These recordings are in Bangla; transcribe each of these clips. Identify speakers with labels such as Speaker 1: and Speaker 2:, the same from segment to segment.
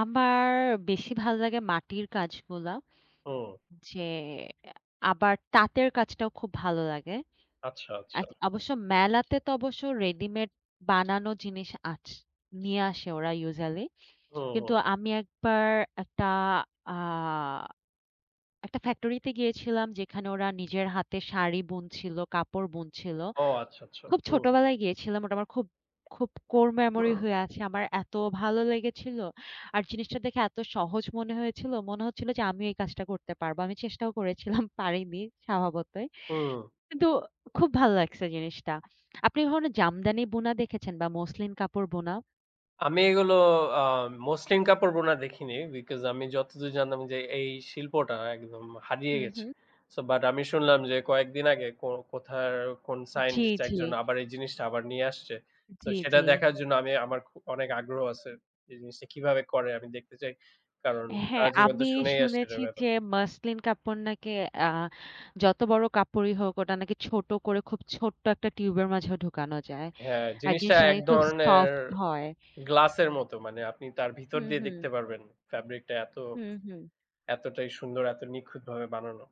Speaker 1: আমার বেশি ভাল লাগে মাটির কাজগুলা।
Speaker 2: ও!
Speaker 1: যে, আবার তাঁতের কাজটাও খুব ভাল লাগে।
Speaker 2: আচ্ছা, আচ্ছা।
Speaker 1: ১ অবশ্য মেলাতে তো অবশ্য রেডিমেড বানানো জিনিস আছ নিয়ে আসে ওরা ইউজুয়ালি।
Speaker 2: হুম,
Speaker 1: কিন্তু
Speaker 2: হুম।
Speaker 1: আমি একবার ১ টা আ ১ টা ফ্যাক্টরিতে গিয়েছিলাম যেখানে ওরা নিজের হাতে শাড়ি বুনছিল, কাপড় বুনছিল।
Speaker 2: ও! আচ্ছা, আচ্ছা,
Speaker 1: খুব
Speaker 2: হুম।
Speaker 1: ছোটবেলায় গিয়েছিলাম, ওটা আমার খুব, খুব কোর মেমোরি হয়ে আছে। আমার এত ভালো লেগেছিল। আর জিনিসটা দেখে এত সহজ মনে হয়েছিল। মনে হচ্ছিল যে, আমি এই কাজটা করতে পারবো। আমি চেষ্টাও করেছিলাম, পারিনি স্বভাবতই।
Speaker 2: হুম।
Speaker 1: কিন্তু খুব ভাল লাগছে জিনিসটা। আপনি ধরুন জামদানি বুনা দেখেছেন বা মসলিন কাপড় বোনা?
Speaker 2: আমি এগুলো আ মসলিন কাপড় বোনা দেখিনি। because আমি যতদূর জানতাম যে, এই শিল্পটা একদম হারিয়ে
Speaker 1: হু,
Speaker 2: গেছে।
Speaker 1: হুম।
Speaker 2: সো বাট আমি শুনলাম যে, কয়েকদিন আগে কো কোথার কোন
Speaker 1: জ্বি,
Speaker 2: সাইন্টিস্ট ১ জন
Speaker 1: জ্বি।
Speaker 2: আবার এই জিনিসটা আবার নিয়ে আসছে। সো
Speaker 1: জ্বি,
Speaker 2: সেটা
Speaker 1: জ্বি।
Speaker 2: দেখার জন্য আমি আমার অনেক আগ্রহ আছে এই জিনিসটা কিভাবে করে আমি দেখতে চাই। কারণ
Speaker 1: হ্যাঁ,
Speaker 2: সারা জীবন তো
Speaker 1: আমি
Speaker 2: শুনেই আসছি
Speaker 1: শুনেছি
Speaker 2: এটার ব্যাপারে।
Speaker 1: যে, মাসলিন কাপড় নাকি আ যত বড় কাপড়ই হোক ওটা নাকি ছোট করে খুব ছোট্ট ১ টা টিউবের মাঝেও ঢুকানো যায়।
Speaker 2: হ্যাঁ,
Speaker 1: আর
Speaker 2: জিনিসটা
Speaker 1: জিনিসটা
Speaker 2: ১
Speaker 1: নাকি খুব
Speaker 2: ধরনের
Speaker 1: সফট হয়।
Speaker 2: গ্লাসের মতো। মানে আপনি তার
Speaker 1: হু,
Speaker 2: ভিতর দিয়ে
Speaker 1: হুম।
Speaker 2: দেখতে পারবেন। ফেব্রিকটা এত
Speaker 1: হু, হুম।
Speaker 2: এতটাই সুন্দর এত নিখুঁতভাবে বানানো।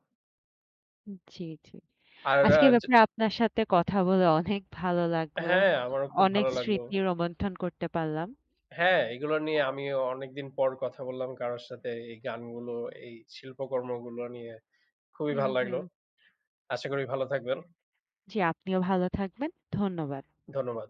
Speaker 1: জ্বি, জ্বি।
Speaker 2: আর আ
Speaker 1: আজকে এ
Speaker 2: য
Speaker 1: ব্যাপারে আপনার সাথে কথা বলে অনেক ভালো লাগলো।
Speaker 2: হ্যাঁ, আমারও খুব
Speaker 1: অনেক
Speaker 2: ভালো লাগলো।
Speaker 1: স্মৃতি রোমন্থন করতে পারলাম।
Speaker 2: হ্যাঁ, এগুলা নিয়ে
Speaker 1: হ্যাঁ।
Speaker 2: আমিও অনেকদিন পর কথা বললাম কারোর সাথে, এই গানগুলো, এই শিল্পকর্মগুলো নিয়ে খুবই
Speaker 1: হু,
Speaker 2: ভাল লাগল।
Speaker 1: হুম।
Speaker 2: আশা করি ভালো থাকবেন।
Speaker 1: জ্বি, আপনিও ভালো থাকবেন। ধন্যবাদ।
Speaker 2: ধন্যবাদ।